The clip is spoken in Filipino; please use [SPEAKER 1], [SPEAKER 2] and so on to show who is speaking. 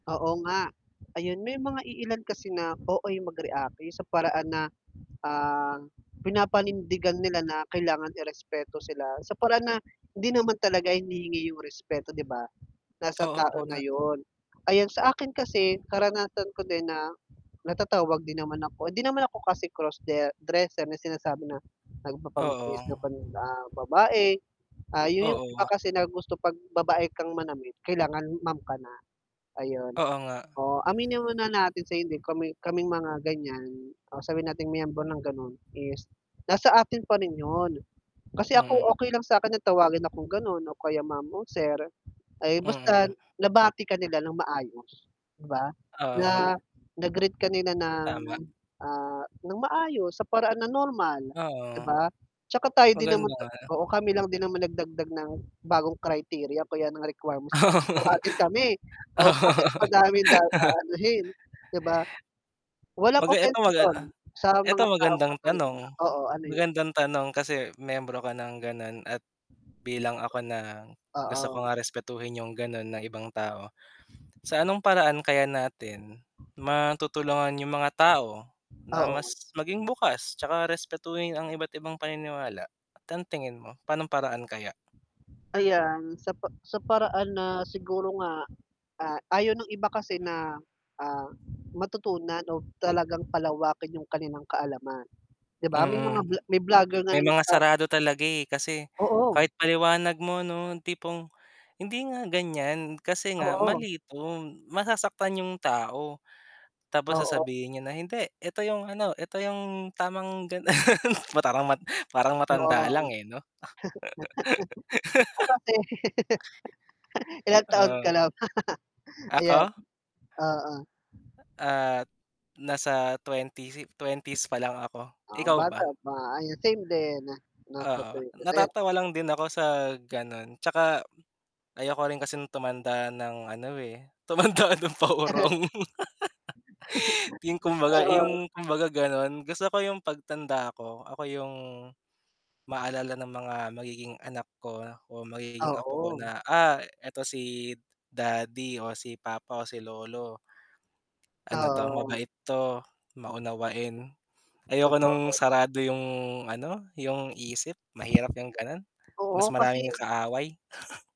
[SPEAKER 1] Oo nga. Ayun, may mga iilan kasi na OA mag-react, yung sa paraan na, ah, pinapanindigan nila na, kailangan i-respeto sila, sa paraan na, hindi naman talaga hinihingi yung respeto, 'di ba, nasa
[SPEAKER 2] Oo,
[SPEAKER 1] tao na
[SPEAKER 2] tama.
[SPEAKER 1] 'yon. Ayan, sa akin kasi, karanasan ko din na, natatawag din naman ako, hindi naman ako kasi cross-de dresser, na sinasabi na,
[SPEAKER 2] Oo.
[SPEAKER 1] nagpapangbihis na pan ah, babae, ah, 'yon yung iba
[SPEAKER 2] Oo.
[SPEAKER 1] kasi na gusto 'pag babae kang manamit, kailangan ma'am ka na, ayun.
[SPEAKER 2] Oo nga.
[SPEAKER 1] Oo, aminin mo na natin sa hindi, kami kaming mga ganyan, o sabihin nating miyembro ng gano'n is, nasa atin pa rin 'yon, kasi ako
[SPEAKER 2] Mm.
[SPEAKER 1] okay lang sa'kin na tawagin akong gano'n o kaya ma'am o sir, ay
[SPEAKER 2] Mm.
[SPEAKER 1] basta nabati ka nila ng maayos, 'di ba?
[SPEAKER 2] Oo nga.
[SPEAKER 1] Na na-greet ka nila ng,
[SPEAKER 2] Tama.
[SPEAKER 1] ah, ng maayos, sa paraan ng normal, 'di
[SPEAKER 2] Oo.
[SPEAKER 1] ba? Tsaka tayo din naman
[SPEAKER 2] Maganda
[SPEAKER 1] ta
[SPEAKER 2] nga.
[SPEAKER 1] oo, kami lang din naman nagdagdag ng bagong criteria o kaya ng requirements
[SPEAKER 2] Oo.
[SPEAKER 1] para tawagin kami, oh, bakit
[SPEAKER 2] Oo.
[SPEAKER 1] madaming da aanuhin, 'di ba? Walang
[SPEAKER 2] Kumbaga ito
[SPEAKER 1] offence
[SPEAKER 2] maga
[SPEAKER 1] 'yon, sa
[SPEAKER 2] ito
[SPEAKER 1] mga taong
[SPEAKER 2] magandang tanong,
[SPEAKER 1] matalino. Oo, ano yan.
[SPEAKER 2] magandang tanong kasi miyembro ka ng gano'n, at bilang ako na, gusto ko
[SPEAKER 1] Oo.
[SPEAKER 2] nga respetuhin yung gano'n ng ibang tao. Sa anong paraan kaya natin, matutulungan yung mga tao, na
[SPEAKER 1] Oo.
[SPEAKER 2] mas maging bukas, tsaka respetuhin ang iba't ibang paniniwala. Tan tingin mo, pa'no'ng paraan kaya?
[SPEAKER 1] Ayan, sa pa sa paraan na, siguro nga, ah, ayaw ng iba kasi na, ah, matutunan o talagang palawakin yung kanilang kaalaman. 'Di ba, may
[SPEAKER 2] Mm.
[SPEAKER 1] mga vlo may vlogger nga
[SPEAKER 2] May
[SPEAKER 1] na
[SPEAKER 2] mga
[SPEAKER 1] nagsa
[SPEAKER 2] sarado talaga, eh, kasi
[SPEAKER 1] Oo.
[SPEAKER 2] kahit paliwanag mo 'no, yung tipong, "Hindi nga ganyan, kasi nga
[SPEAKER 1] Oo.
[SPEAKER 2] mali 'to, masasaktan yung tao", tapos
[SPEAKER 1] Oo.
[SPEAKER 2] sasabihin niya na, "Hindi ito yung ano, ito yung tamang gan". Parang mat parang
[SPEAKER 1] 'Yon.
[SPEAKER 2] matanda lang, eh, 'no?
[SPEAKER 1] Ah, kasi ilang taon ka
[SPEAKER 2] Oo.
[SPEAKER 1] na ba? Ayan,
[SPEAKER 2] Ako?
[SPEAKER 1] oo.
[SPEAKER 2] Ah, nasa 20 si 20s pa lang ako,
[SPEAKER 1] Ah,
[SPEAKER 2] ikaw
[SPEAKER 1] bata
[SPEAKER 2] ba?
[SPEAKER 1] pa, ah, same din, nasa
[SPEAKER 2] Oo.
[SPEAKER 1] 30s, ayan.
[SPEAKER 2] Natatawa lang din ako sa gano'n, tsaka, ayoko rin kasing tumanda ng ano, eh, tumanda ng paurong. Yung kumbaga,
[SPEAKER 1] Oo.
[SPEAKER 2] yung, kumbaga gano'n, gusto ko yung pagtanda ko, ako yung maalala ng mga magiging anak ko, o magiging apo ko
[SPEAKER 1] Oo.
[SPEAKER 2] na, "Ah, eto si daddy, o si papa, o si lolo." "Ano 'to,
[SPEAKER 1] Oo.
[SPEAKER 2] mabait 'to, maunawain". Ayoko no'ng
[SPEAKER 1] Totoo.
[SPEAKER 2] sarado yung ano, yung isip, mahirap yung gano'n, mas
[SPEAKER 1] Oo, kasi
[SPEAKER 2] maraming kaaway.